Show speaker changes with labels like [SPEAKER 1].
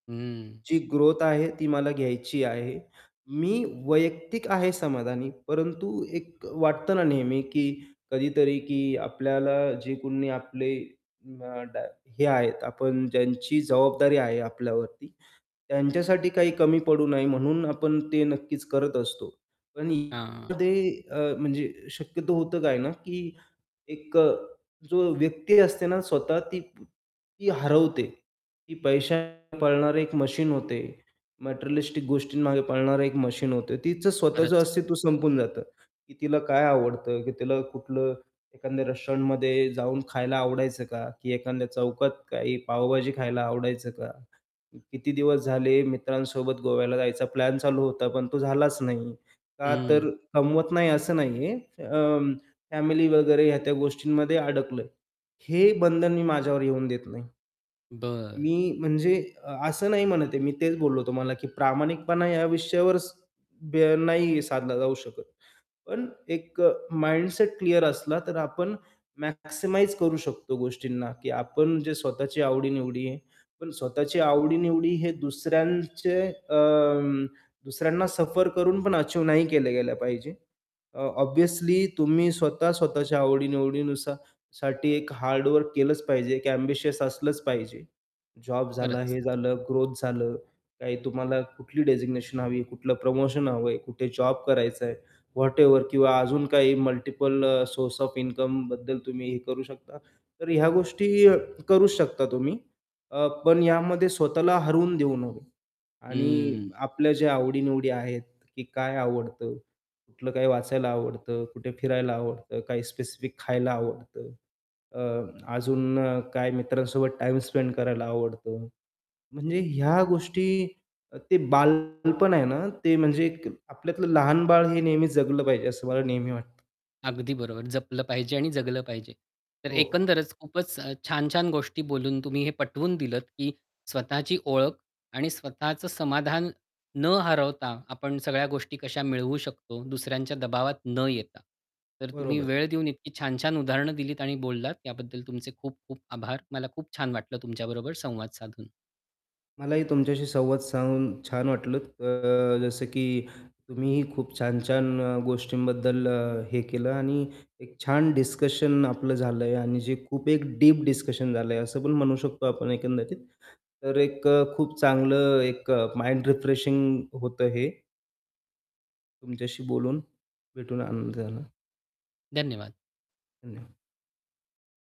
[SPEAKER 1] हम्म.
[SPEAKER 2] जी ग्रोथ आहे, ती मला घ्यायची आहे. मी वैयक्तिक आहे समाधानी, परंतु एक अ, वाटतं ना नेहमी, की कधीतरी, की आपल्याला जे कोणी आपले न डा हे आहेत आपण ज्यांची जबाबदारी आहे आपल्यावरती, त्यांच्यासाठी काही कमी पडू नाही म्हणून आपण ते नक्कीच करत असतो. पण
[SPEAKER 1] हां.
[SPEAKER 2] [unintelligible] ते अ, म्हणजे शक्यतो होतं काय ना, की एक अ, जो व्यक्ती असते ना स्वतः ती ती हरवते, की पैशा पाळणारे एक मशीन होते, मटेरियलिस्टिक गोष्टींमागे पळणारे एक मशीन होते, तीचं स्वतःचं
[SPEAKER 1] खरंच.
[SPEAKER 2] अस्तित्व संपून जातं, की तिला काय आवडतं? की तिला कुठलं एखाद्या रेस्टॉरंटमध्ये जाऊन खायला आवडायचं का? की एखाद्या चौकात काही पावभाजी खायला आवडायचं का? किती दिवस झाले मित्रांसोबत गोव्याला जायचा प्लॅन चालू होता, पण तो झालाच नाही. का तर
[SPEAKER 1] हं.
[SPEAKER 2] कमवत नाही असं नाही आहे, अं, फॅमिली वगैरे ह्या त्या गोष्टींमध्ये अडकलंय. हे बंधन मी माझ्यावर येऊन देत नाही.
[SPEAKER 1] बरं.
[SPEAKER 2] मी म्हणजे अ असं नाही म्हणत आहे, मी तेच बोललो तुम्हाला, की प्रामाणिकपणा या विषयावर स बे नाही साधला जाऊ शकत, पण एक अ, माइंडसेट क्लिअर असला, तर आपण मॅक्सिमाइज करू शकतो गोष्टींना, की आपण जे स्वतःची आवडी-निवडी आहे. पण स्वतःची आवडी-निवडी हे दुसऱ्यांचे अं, दुसऱ्यांना सफर करून पण अचीव्ह नाही केले गेलं पाहिजे, अ ऑब्वियसली तुम्ही स्वतः स्वतःच्या आवडी-निवडीनुसार साठी एक हार्ड वर्क केलंच पाहिजे, एक एम्बिशियस असलंच पाहिजे. जॉब झाला,
[SPEAKER 1] खरंच.
[SPEAKER 2] हे झालं, ग्रोथ झालं, काही तुम्हाला कुठली डेझिग्नेशन हवी आहे? कुठलं प्रमोशन हवंय? कुठे जॉब करायचं आहे, व्हॅटएव्हर. किंवा अजून काही मल्टिपल सोर्स ओएफ इन्कमबद्दल तुम्ही हे करू शकता. तर ह्या गोष्टी अ, करूच शकता तुम्ही. अ, पण यामध्ये स्वतःला हरवून देऊ नये. आणि
[SPEAKER 1] हं.
[SPEAKER 2] आपल्या जे आवडी-निवडी आहेत, की काय आवडतं? कुठलं काय वाचायला आवडतं, कुठे फिरायला आवडतं, काही स्पेसिफिक खायला आवडतं. आह, अजून काय मित्रांसोबत टाईम स्पेंड करायला आवडतो. म्हणजे ह्या गोष्टी, अ, ते बालपण आहे ना, ते म्हणजे एक आपल्यातलं लहान बाळ हे नेहमी जगलं पाहिजे, असं मला नेहमी वाटतं.
[SPEAKER 1] अगदी बरोबर, जपलं पाहिजे आणि जगलं पाहिजे. तर
[SPEAKER 2] हो.
[SPEAKER 1] एकंदरच खूपच अ, छान-छान गोष्टी बोलून तुम्ही हे पटवून दिलंत, की स्वतःची ओळख आणि स्वतःचं समाधान न हरवता, आपण सगळ्या गोष्टी कशा मिळवू शकतो, दुसऱ्यांच्या दबावात न येता. तर तुम्ही
[SPEAKER 2] बरोबर.
[SPEAKER 1] वेळ देऊन इतकी छान-छान उदाहरणं दिलीत आणि बोललात त्याबद्दल तुमचे खूप-खूप आभार. मला खूप छान वाटलं, तुमच्याबरोबर संवाद साधून.
[SPEAKER 2] मलाही तुमच्याशी संवाद साधून छान वाटलं. अ, अ, जसं की तुम्हीही खूप छान-छान गोष्टींबद्दल अ, हे केलं आणि एक छान डिस्कशन आपलं झालंय आणि जे खूप एक डीप डिस्कशन झालं आहे, असं पण म्हणू शकतो आपण एकंदरीत. तर एक खूप चांगलं एक माइंड रिफ्रेशिंग होतं हे. तुमच्याशी बोलून, भेटून आनंद झाला.
[SPEAKER 1] धन्यवाद.
[SPEAKER 2] धन्यवाद.